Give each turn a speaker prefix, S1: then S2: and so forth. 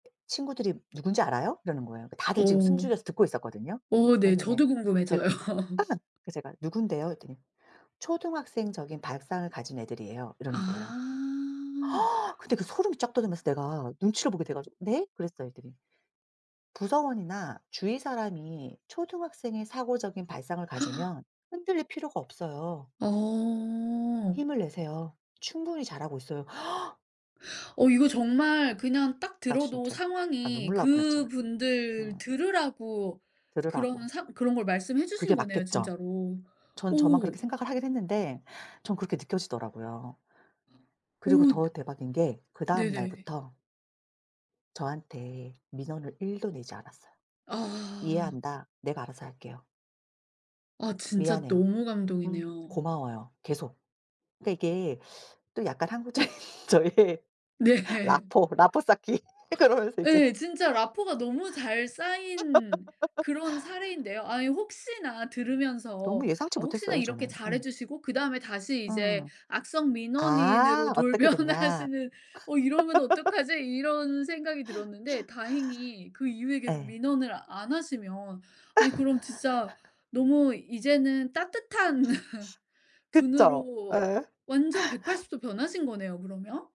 S1: 친구들이 "누군지 알아요?" 이러는 거예요. 다들 지금
S2: 음.
S1: 숨죽여서 듣고 있었거든요.
S2: 어 네.
S1: 그래서 이제
S2: 저도
S1: 제가
S2: 궁금해져요.
S1: 아 그래서 제가 "누군데요?" 이랬더니 "초등학생적인 발상을 가진 애들이에요." 이러는 거예요.
S2: 아.
S1: 근데 그 소름이 쫙 돋으면서 내가 눈치를 보게 돼 가지고 "네?" 그랬어요 했더니 "부서원이나 주위 사람이 초등학생의 사고적인 발상을 가지면 흔들릴 필요가 없어요."
S2: 어.
S1: "힘을 내세요. 충분히 잘하고 있어요."
S2: 어 이거 정말 그냥 딱
S1: 나
S2: 들어도
S1: 진짜 나
S2: 상황이
S1: 눈물 나올 뻔 했잖아.
S2: 그분들
S1: 음.
S2: 들으라고 그런
S1: 들으라고.
S2: 상 그런 걸 말씀해 주신
S1: 그게
S2: 거네요
S1: 맞겠죠.
S2: 진짜로.
S1: 전 저만
S2: 오.
S1: 그렇게 생각을 하긴 했는데 전 그렇게 느껴지더라고요. 그리고
S2: 오.
S1: 더 대박인 게 그 다음
S2: 네네.
S1: 날부터 저한테 민원을 1 도 내지 않았어요.
S2: 아.
S1: "이해한다. 내가 알아서 할게요."
S2: 아 진짜
S1: "미안해요.
S2: 너무
S1: 음
S2: 감동이네요.
S1: 고마워요." 계속. 그니까 이게 또 약간 한국적인 저의
S2: 네.
S1: 라포르 라포르 쌓기. 그러면서 이제
S2: 네. 진짜 라포르 가 너무 잘 쌓인 그런 사례인데요. 아 혹시나 들으면서
S1: 너무 예상치
S2: 어 '혹시나
S1: 못했어요
S2: 이렇게
S1: 저는. 음.
S2: 잘해주시고 그다음에 다시 이제
S1: 음.
S2: 악성 민원인으로
S1: 아. 어떻게 됐냐.
S2: 돌변하시는 어 이러면 어떡하지?' 이런 생각이 들었는데 다행히 그 이후에 계속
S1: 예.
S2: 민원을 안 하시면 아니 그럼 진짜 너무 이제는 따뜻한
S1: 그죠.
S2: 분으로
S1: 예.
S2: 완전 180 도 변하신 거네요 그러면.